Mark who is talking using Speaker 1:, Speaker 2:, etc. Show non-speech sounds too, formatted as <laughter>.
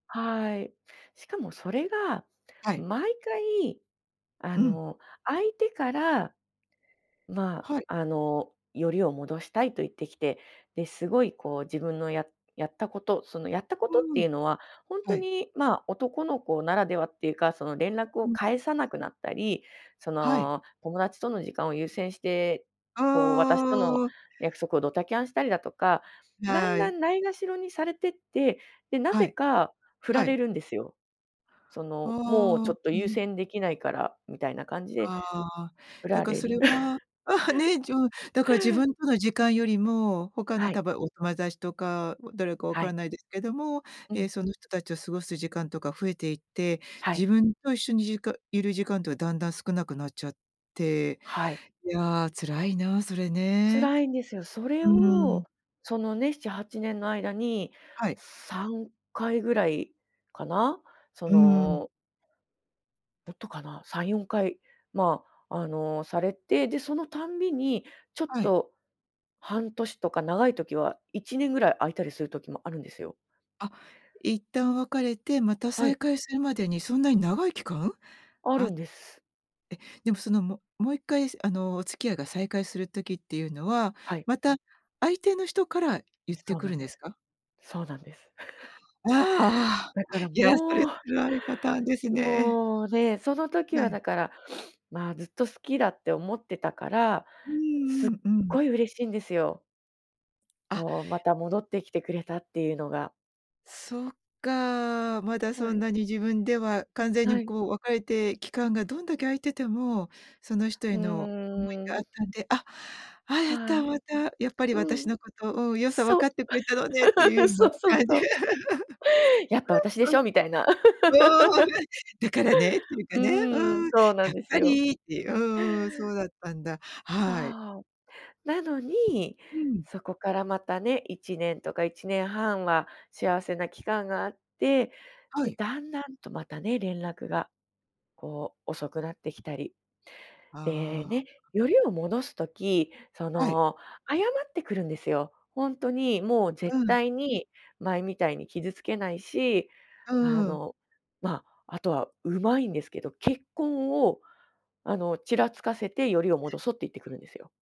Speaker 1: はい、しかもそれが
Speaker 2: はい。
Speaker 1: 毎回あ
Speaker 2: うん。
Speaker 1: の相手から、ま、
Speaker 2: はい。
Speaker 1: あのヨリを戻したいと言ってきて、で、すごいこう自分のややったこと、そのやったことっ
Speaker 2: う
Speaker 1: て
Speaker 2: ん。
Speaker 1: いうのはほんと
Speaker 2: はい。
Speaker 1: に、ま、男の子ならではっていうか、その連絡を
Speaker 2: うん。
Speaker 1: 返さなくなったり、そ
Speaker 2: はい。
Speaker 1: の友達との時間を優先して、
Speaker 2: う
Speaker 1: こう私との
Speaker 2: ーん。
Speaker 1: 約束をドタキャンしたりだとか、だん
Speaker 2: は
Speaker 1: だ
Speaker 2: い。
Speaker 1: んないがしろにされてって、で、な
Speaker 2: は
Speaker 1: ぜ
Speaker 2: い。
Speaker 1: か振ら
Speaker 2: は
Speaker 1: れ
Speaker 2: い。
Speaker 1: るんですよ。その、もうちょ
Speaker 2: ああ。
Speaker 1: っと
Speaker 2: う
Speaker 1: 優
Speaker 2: ん。
Speaker 1: 先できないからみたいな感じで、
Speaker 2: ああ、
Speaker 1: 振
Speaker 2: だ
Speaker 1: ら
Speaker 2: から
Speaker 1: れ
Speaker 2: そ
Speaker 1: る。
Speaker 2: れは、<laughs> ね、うん、だから自
Speaker 1: <laughs>
Speaker 2: 分との時間よりも、他の
Speaker 1: はい。
Speaker 2: 多分お友達とか、誰かわ
Speaker 1: は
Speaker 2: から
Speaker 1: い。
Speaker 2: ないですけども、
Speaker 1: う
Speaker 2: え、
Speaker 1: ん。
Speaker 2: その人たちと過ごす時間とか増えていって、
Speaker 1: はい。
Speaker 2: 自分と一緒にじかいる時間とかだんだん少なくなっちゃって、
Speaker 1: はい。
Speaker 2: いや、辛いな、それね。
Speaker 1: 辛いんですよ。それ
Speaker 2: う
Speaker 1: を、
Speaker 2: ん。
Speaker 1: そのね、7、8年の間に、
Speaker 2: はい。
Speaker 1: 3回ぐらいかな、そ
Speaker 2: うん。
Speaker 1: のもっとかな3、4回、ま、あのされて、で、そのたんびに、ちょっ
Speaker 2: はい。
Speaker 1: と半年とか長い時は1年ぐらい空いたりする時もあるんですよ。
Speaker 2: あ、一旦別れてまた
Speaker 1: はい。
Speaker 2: 再会するまでにそんなに長い期間？
Speaker 1: あ
Speaker 2: あ、
Speaker 1: る
Speaker 2: え、
Speaker 1: んです。
Speaker 2: でもそのももう一回あのお付き合いが再開する時っていうのは、
Speaker 1: はい。
Speaker 2: また相手の人から言って
Speaker 1: そう
Speaker 2: く
Speaker 1: なん
Speaker 2: るん
Speaker 1: で
Speaker 2: です
Speaker 1: す。
Speaker 2: か？
Speaker 1: そうなんです。<chuckles>
Speaker 2: ああ。
Speaker 1: だから
Speaker 2: いや、それ
Speaker 1: もう
Speaker 2: 辛いパターンですね。
Speaker 1: もうね、その時
Speaker 2: は
Speaker 1: は
Speaker 2: い。
Speaker 1: だから、<sniffs> ま、ずっと好きだって思ってたから、
Speaker 2: う
Speaker 1: すっ
Speaker 2: んうんうん。
Speaker 1: ごい嬉しいんですよ。
Speaker 2: あ。
Speaker 1: こう、また戻ってきてくれたっていうのが。
Speaker 2: そっか、まだそ
Speaker 1: は
Speaker 2: ん
Speaker 1: い。
Speaker 2: なに自分では完全
Speaker 1: は
Speaker 2: に
Speaker 1: い。
Speaker 2: こう別れて、期間がどんだけ空いてても、その人
Speaker 1: う
Speaker 2: への思い
Speaker 1: ー
Speaker 2: があっ
Speaker 1: ん。
Speaker 2: たんで「あ、あ、やっ
Speaker 1: は
Speaker 2: た、
Speaker 1: い。
Speaker 2: またやっぱり
Speaker 1: う
Speaker 2: 私
Speaker 1: ん。
Speaker 2: のことを良さ分
Speaker 1: そ
Speaker 2: かっ
Speaker 1: う。
Speaker 2: てくれたのね」っていう
Speaker 1: <laughs>
Speaker 2: よう
Speaker 1: そ
Speaker 2: な
Speaker 1: うそう
Speaker 2: 感
Speaker 1: そ
Speaker 2: じ。
Speaker 1: う。
Speaker 2: う
Speaker 1: やっぱ私でし
Speaker 2: ん
Speaker 1: ょみたいな。
Speaker 2: うん、うーん、ね、
Speaker 1: <laughs>
Speaker 2: だからね、っていうかね、う
Speaker 1: うん、
Speaker 2: ん、
Speaker 1: そうな
Speaker 2: 「や
Speaker 1: ん
Speaker 2: っ
Speaker 1: です
Speaker 2: ぱ
Speaker 1: よ。
Speaker 2: り」っていう、うんうん、そうだったんだ。
Speaker 1: そ
Speaker 2: はい。
Speaker 1: う、なのに、
Speaker 2: うん。
Speaker 1: そこからまたね、1年とか1年半は幸せな期間があって、
Speaker 2: は
Speaker 1: で、
Speaker 2: い。
Speaker 1: だんだんとまたね、連絡がこう遅くなってきたり。で
Speaker 2: ああ。
Speaker 1: ね、よりを戻す時、そ
Speaker 2: はい。
Speaker 1: の謝ってくるんですよ。ほんとにもう
Speaker 2: う
Speaker 1: 絶
Speaker 2: ん。
Speaker 1: 対に前みたいに傷つけないし、
Speaker 2: う
Speaker 1: あ
Speaker 2: ーん。
Speaker 1: の、ま、あとはうまいんですけど、結婚をあの、ちらつかせてよりを戻そうって言ってくるんですよ。